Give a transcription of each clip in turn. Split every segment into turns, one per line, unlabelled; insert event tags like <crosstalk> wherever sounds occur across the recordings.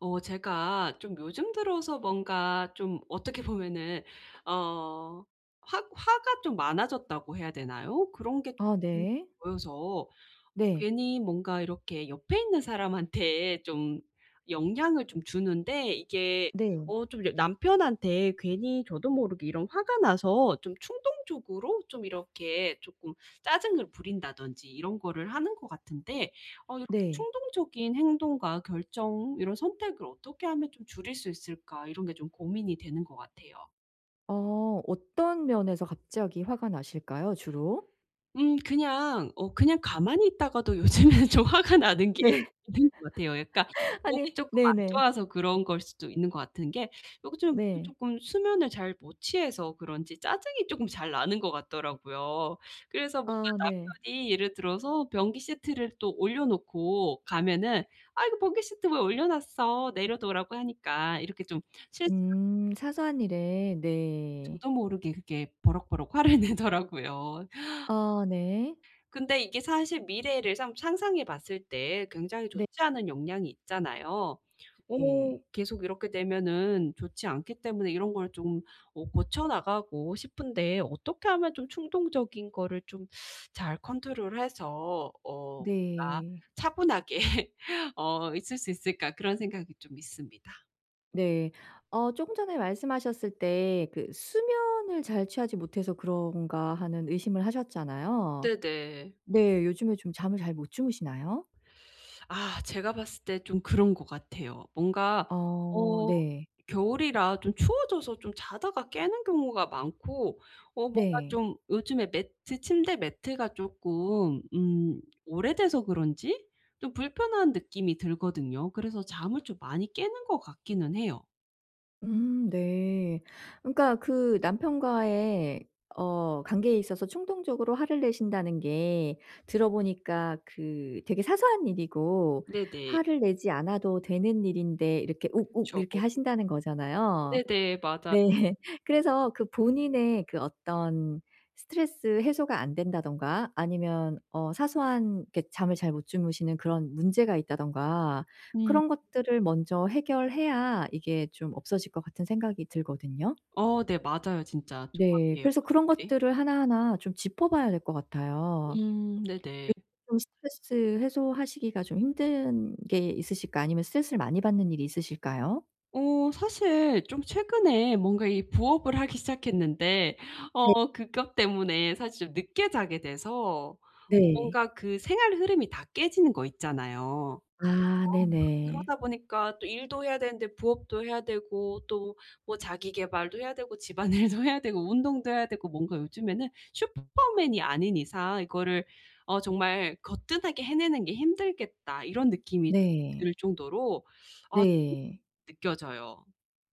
어 제가 좀 요즘 들어서 뭔가 좀 어떻게 보면은 어 확 화가 좀 많아졌다고 해야 되나요? 그런 게
아
쪼끔
네.
보여서
네.
괜히 뭔가 이렇게 옆에 있는 사람한테 좀 영향을 좀 주는데 이게
네.
어 좀 여 남편한테 괜히 저도 모르게 이런 화가 나서 좀 충동적으로 좀 이렇게 쪼끔 짜증을 부린다든지 이런 거를 하는 것 같은데 어 '이렇게
네.
충동적인 행동과 결정 이런 선택을 어떻게 하면 좀 줄일 수 있을까?' 이런 게 좀 고민이 되는 것 같아요.
어 어떤 면에서 갑자기 화가 나실까요, 주로?
음 그냥 어 그냥 가만히 있다가도 요즘에는 좀 화가 나는 게
네.
있는 것 같아요. 그러니까
<laughs>
몸이
아니,
쪼끔 안
네네.
좋아서 그런 거일 수도 있는 것 같은 게 요즘 몸이
네.
쪼끔 수면을 잘 못 취해서 그런지 짜증이 쪼끔 잘 나는 것 같더라고요. 그래서 뭔가
아 네.
남편이 예를 들어서 변기 시트를 또 올려 놓고 가면은 "아, 이거 변기 시트 왜 올려 놨어? 내려놓으라고 하니까." 이렇게 좀 실수를
음 사소한 일에 네.
저도 모르게 그게 버럭버럭 화를 내더라고요.
아 네.
근데 이게 사실 미래를 상 상상해 봤을 때 굉장히
네.
좋지 않은 영향이 있잖아요.
네.
어 계속 이렇게 되면은 좋지 않기 때문에 이런 걸 좀 어 고쳐 나가고 싶은데 '어떻게 하면 좀 충동적인 거를 좀 <sucks teeth> 잘 컨트롤해서 어 그러니까
네.
차분하게 어 있을 수 있을까?' 그런 생각이 좀 있습니다.
네. 어 쪼끔 전에 말씀하셨을 때 그 '수면을 잘 취하지 못해서 그런가?' 하는 의심을 하셨잖아요.
네네.
네 요즘에 좀 잠을 잘 못 주무시나요?
아 제가 봤을 때 좀 그런 것 같아요. 뭔가
어
어
네.
겨울이라 좀 추워져서 좀 자다가 깨는 경우가 많고 어 뭔가
네.
좀 요즘에 매트 침대 매트가 쪼끔 음 오래돼서 그런지 좀 불편한 느낌이 들거든요. 그래서 잠을 좀 많이 깨는 것 같기는 해요.
음 네. 그러니까 그 남편과의 어 관계에 있어서 충동적으로 화를 내신다는 게 들어 보니까 그 되게 사소한 일이고
네네.
화를 내지 않아도 되는 일인데 이렇게 욱욱
그쵸.
이렇게 하신다는 거잖아요.
네네. 맞아요.
네. <laughs> 그래서 그 본인의 그 어떤 스트레스 해소가 안 된다든가 아니면 어 사소한 그렇게 잠을 잘 못 주무시는 그런 문제가 있다든가
음.
그런 것들을 먼저 해결해야 이게 좀 없어질 것 같은 생각이 들거든요.
어 네 맞아요. 진짜
네.
정확해요.
그래서 그런
네네.
것들을 하나하나 좀 짚어 봐야 될 것 같아요.
음 네네.
요즘 좀 스트레스 해소하시기가 좀 힘든 게 있으실까요? 아니면 스트레스를 많이 받는 일이 있으실까요?
어 사실 좀 최근에 뭔가 이 부업을 하기 시작했는데
네.
어 그것 때문에 사실 늦게 자게 돼서
네.
뭔가 그 생활 흐름이 다 깨지는 거 있잖아요. 어
아
막
네네.
그러다 보니까 또 일도 해야 되는데 부업도 해야 되고 또 뭐 자기계발도 해야 되고 집안일도 해야 되고 운동도 해야 되고 뭔가 요즘에는 슈퍼맨이 아닌 이상 이것을 어 정말 거뜬하게 해내는 게 힘들겠다. 이런 느낌이
네.
들 정도로 <sucks teeth> 아
네.
느껴져요.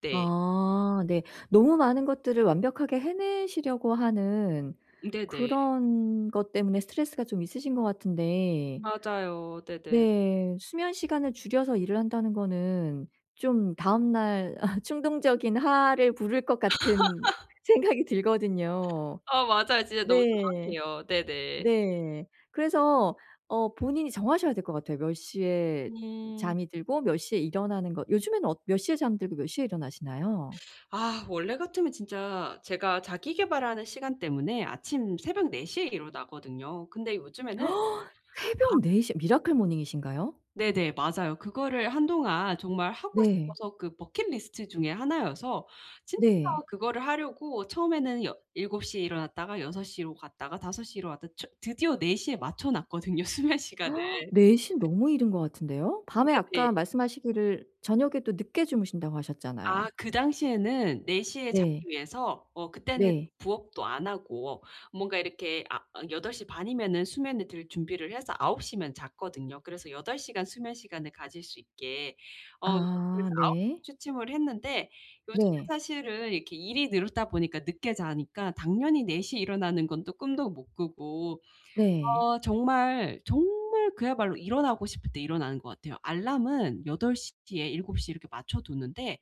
네.
아 네. 너무 많은 것들을 완벽하게 해내시려고 하는
네네.
그런 것 때문에 스트레스가 좀 있으신 것 같은데
맞아요. 네네.
네. 수면 시간을 줄여서 일을 한다는 거는 좀 다음날 <laughs> 충동적인 화를 부를 것 같은
<laughs>
생각이 들거든요.
어. 맞아요. 진짜 너무
네.
정확해요. 네네.
네. 그래서 어 본인이 정하셔야 될 것 같아요. 몇 시에
음.
잠이 들고 몇 시에 일어나는 것. 요즘에는 어 몇 시에 잠들고 몇 시에 일어나시나요?
<sucks teeth> 아 원래 같으면 진짜 제가 자기 계발하는 시간 때문에 아침 새벽 4 시에 일어나거든요. 근데 요즘에는
<gasps> 새벽
안
4 시. 미라클 모닝이신가요?
네네. 맞아요. 그거를 한동안 정말 하고
네.
싶어서 그 bucket list 중의 하나여서 진짜
네.
그거를 하려고 처음에는 여 7 시에 일어났다가 6 시로 갔다가 5 시로 시로 왔다 첫 드디어 4 시에 맞춰 놨거든요 수면 시간을.
<gasps> 4 시 너무 이른 것 같은데요? 밤에 아까
네네.
말씀하시기를 저녁에 또 늦게 주무신다고
아.
하셨잖아요.
그 당시에는 4 시에 자기
네.
위해서 어 그때는
네.
부업도 안 하고 뭔가 이렇게 아 어 8 시 반이면은 수면을 들 준비를 해서 9 시면 잤거든요. 그래서 8 시간 수면 시간을 가질 수 있게. 어
아
그래서 9 시
네.
취침을 했는데 요즘에
네.
사실은 이렇게 일이 늘다 보니까 늦게 자니까 당연히 4 시에 일어나는 건 또 꿈도 못 꾸고
네.
어 정말, 정말 그야말로 일어나고 싶을 때 일어나는 것 같아요. 알람은 8 시 뒤에 7 시 이렇게 맞춰두는데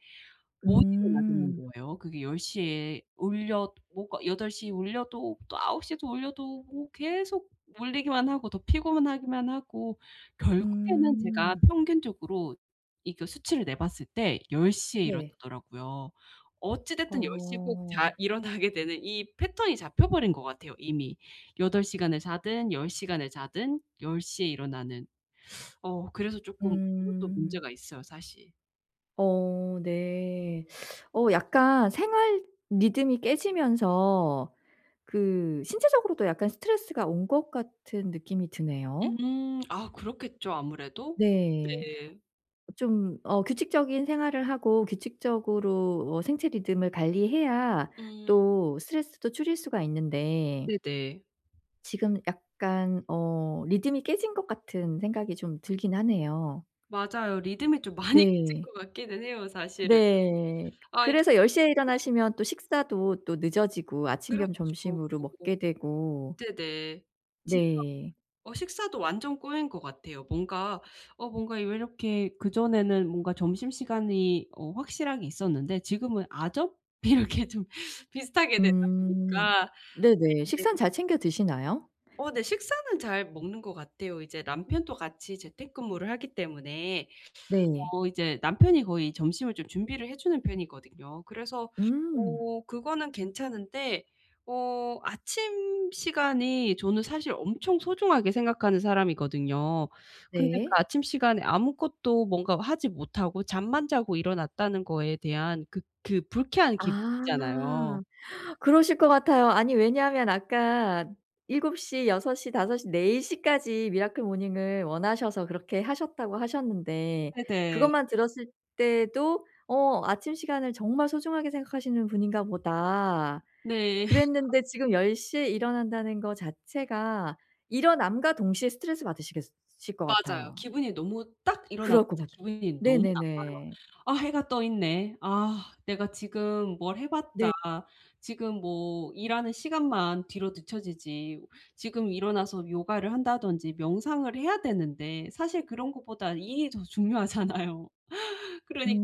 못 일어나겠는
음.
거예요. 그게 10 시에 울려 뭐가 8 시에 울려도 또 9 시에도 올려도 뭐 계속 울리기만 하고 더 피곤하기만 하고 결국에는 제가
음.
평균적으로 이 그 수치를 내봤을 때 10 시에
네.
일어나더라고요. 어찌됐든 10 시에 꼭 잘
어.
일어나게 되는 이 패턴이 잡혀 버린 것 같아요 이미. 8 시간을 자든 10 시간을 자든 10 시에 일어나는. <sucks teeth> 어 그래서 조금 그것도
음.
문제가 있어요 사실.
어 네. 어 약간 생활 리듬이 깨지면서 그 신체적으로도 약간 스트레스가 온 것 같은 느낌이 드네요.
음 아 그렇겠죠 아무래도?
네.
네.
좀 어 규칙적인 생활을 하고 규칙적으로 어 생체 리듬을 관리해야
음.
또 스트레스도 줄일 수가 있는데
네네.
지금 약간 어 리듬이 깨진 것 같은 생각이 좀 들긴 하네요.
맞아요. 리듬이 좀 많이 깨진
네.
것 같기는 해요 사실은.
네.
아
그래서 10 시에
<unintelligible>
일어나시면 또 식사도 또 늦어지고 아침 겸
그렇죠.
점심으로 먹게 되고
네네. 진짜
네.
어 식사도 완전 꼬인 것 같아요. 뭔가 어 뭔가 왜 이렇게 그전에는 뭔가 점심시간이 어 확실하게 있었는데 지금은 아점? 이렇게 좀 비슷하게 되다
음.
보니까
네네. 식사는
네.
잘 챙겨 드시나요?
어 네 식사는 잘 먹는 것 같아요. 이제 남편도 같이 재택근무를 하기 때문에
네.
어 이제 남편이 거의 점심을 좀 준비를 해 주는 편이거든요. 그래서
음.
어 그거는 괜찮은데 어 아침 시간이 저는 사실 엄청 소중하게 생각하는 사람이거든요. 근데 그
네.
아침 시간에 아무것도 뭔가 하지 못하고 잠만 자고 일어났다는 거에 대한 그 그 불쾌한 기분
아.
있잖아요.
그러실 것 같아요. 아니 왜냐하면 아까 7 시, 6 시, 5 시, 4 시까지 미라클 모닝을 원하셔서 그렇게 하셨다고 하셨는데
네네.
그것만 들었을 때도 어 ‘아침 시간을 정말 소중하게 생각하시는 분인가 보다.‘
네. <laughs>
그랬는데
참.
지금 10 시에 일어난다는 거 자체가 일어남과 동시에 스트레스 받으시겠 으실 것
맞아요.
같아요.
기분이 너무 딱 일어났을
그럴 것
때
같아.
기분이 너무 나빠요.
네네네.
'아. 해가 떠 있네. 아. 내가 지금 뭘 해 봤자
네.
지금 뭐 일하는 시간만 뒤로 늦춰지지. 지금 일어나서 요가를 한다든지 명상을 해야 되는데.' 사실 그런 것보다 일이 더 중요하잖아요. 그러니까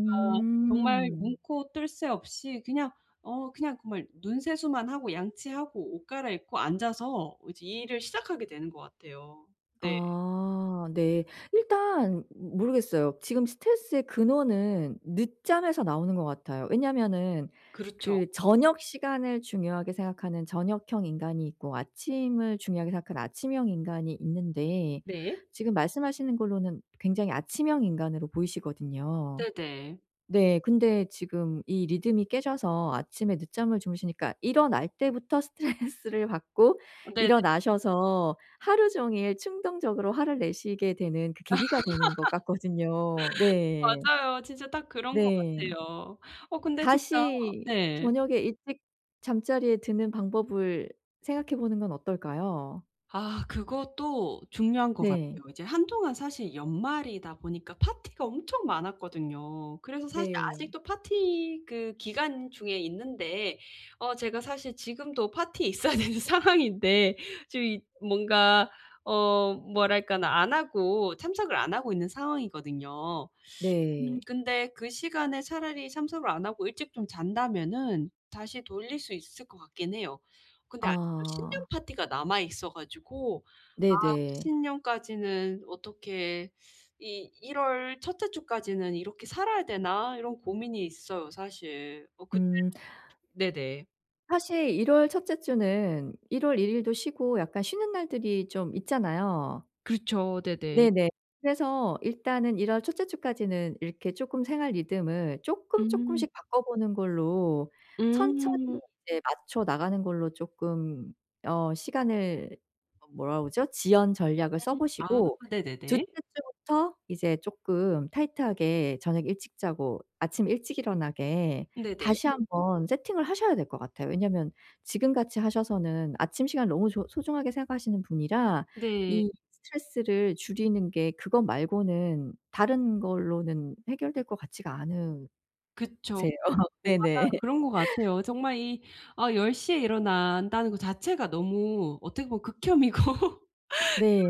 정말 눈코 뜰 새 없이 그냥 어 그냥 정말 눈 세수만 하고 양치하고 옷 갈아입고 앉아서 이제 일을 시작하게 되는 것 같아요. 네.
아 네. 일단 모르겠어요. 지금 스트레스의 근원은 늦잠에서 나오는 것 같아요. 왜냐하면은
그렇죠.
그 저녁 시간을 중요하게 생각하는 저녁형 인간이 있고 아침을 중요하게 생각하는 아침형 인간이 있는데
네.
지금 말씀하시는 걸로는 굉장히 아침형 인간으로 보이시거든요.
네네.
네. 근데 지금 이 리듬이 깨져서 아침에 늦잠을 주무시니까 일어날 때부터 스트레스를 받고
네네.
일어나셔서 하루 종일 충동적으로 화를 내시게 되는 그 계기가 되는 것 같거든요.
<laughs>
네.
맞아요. 진짜 딱 그런 것
네.
같아요. 어 근데 진짜
다시
네.
저녁에 일찍 잠자리에 드는 방법을 생각해 보는 건 어떨까요?
아 그것도 중요한 것 같아요.
네.
이제 한동안 사실 연말이다 보니까 파티가 엄청 많았거든요. 그래서 사실
네.
아직도 파티 그 기간 중에 있는데 어 제가 사실 지금도 파티에 있어야 되는 상황인데 지금 이 뭔가 어 뭐랄까나 안 하고 참석을 안 하고 있는 상황이거든요. 음
네.
근데 그 시간에 차라리 참석을 안 하고 일찍 좀 잔다면은 다시 돌릴 수 있을 것 같긴 해요. 근데 아직도 신년
아.
파티가 남아 있어 가지고 '아
네네.
신년까지는 어떻게 이 1 월 1 째 주까지는 이렇게 살아야 되나?' 이런 고민이 있어요 사실. 뭐 그때는
음.
솔직히 네네.
사실 1 월 첫째 주는 1 월 1 일도 쉬고 약간 쉬는 날들이 좀 있잖아요.
그렇죠. 네네.
네네. 그래서 일단은 1 월 첫째 주까지는 이렇게 조금 생활 리듬을 조금
음.
조금씩 바꿔 보는 걸로 천천히
음.
네 맞춰 나가는 걸로 조금 어 시간을 뭐라 그러죠? 지연 전략을 써
음. 아
보시고 둘째
네네네.
주부터 이제 조금 타이트하게 저녁 일찍 자고 아침 일찍 일어나게
네네.
다시 한번 세팅을 하셔야 될 것 같아요. 왜냐하면 지금 같이 하셔서는 아침 시간을 너무 조 소중하게 생각하시는 분이라
네.
이 스트레스를 줄이는 게 그것 말고는 다른 걸로는 해결될 것 같지가 않으세요.
그쵸. 어 맞아요
네네.
그런 것
<laughs>
같아요. 정말 이 아 10 시 일어난다는 것 자체가 너무 어떻게 보면 극혐이고 <laughs>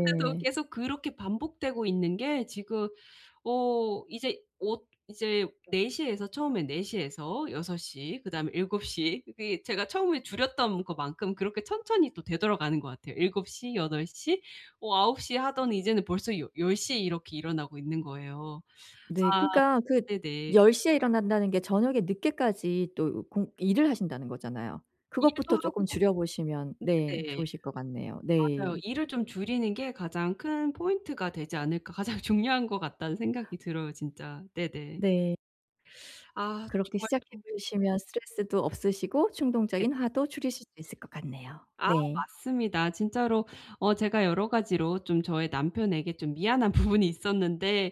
그런데도 계속 그렇게 반복되고 있는 게 지금 어 이제 엇 이제 4 시에서 처음에 4 시에서 6 시. 그다음에 7 시. 이게 제가 처음에 줄였던 것만큼 그렇게 천천히 또 되돌아가는 것 같아요. 7 시, 8 시, 어 9 시하더니 이제는 벌써 여 열 시에 이렇게 일어나고 있는 거예요.
네.
<sucks teeth> 아
그니까 그
네네.
10 시에 일어난다는 게 저녁에 늦게까지 또 공 일을 하신다는 거잖아요.
일도
그것부터 조금
하고
줄여 보시면 네
네.
좋으실 것 같네요.
맞아요.
네.
일을 좀 줄이는 게 가장 큰 포인트가 되지 않을까. 가장 중요한 것 같다는 생각이 들어요 진짜. 네네.
네.
<sucks teeth> 아
그렇게
정말
시작해
좀
보시면 스트레스도 없으시고 충동적인
네네.
화도 줄이실 수 있을 것 같네요.
아
네.
맞습니다. 진짜로 어 제가 여러 가지로 좀 저의 남편에게 좀 미안한 부분이 있었는데.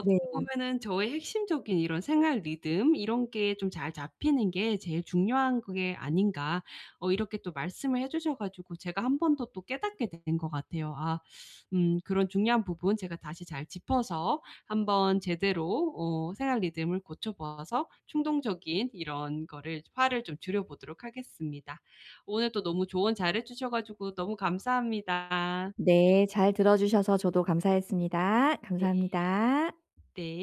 네.
보면은 저의 핵심적인 이런 생활 리듬 이런 게 좀 잘 잡히는 게 제일 중요한 그게 아닌가 어 이렇게 또 말씀을 해 주셔 가지고 제가 1 번 더 또 깨닫게 되는 것 같아요. 아 <sucks teeth> 음 그런 중요한 부분 제가 다시 잘 짚어서 한번 제대로 어 생활 리듬을 고쳐 보아서 충동적인 이런 거를 화를 좀 줄여보도록 하겠습니다. 오늘 또 너무 조언 잘해 주셔 가지고 너무 감사합니다.
네. 잘 들어 주셔서 저도 감사했습니다.
네.
감사합니다.
네.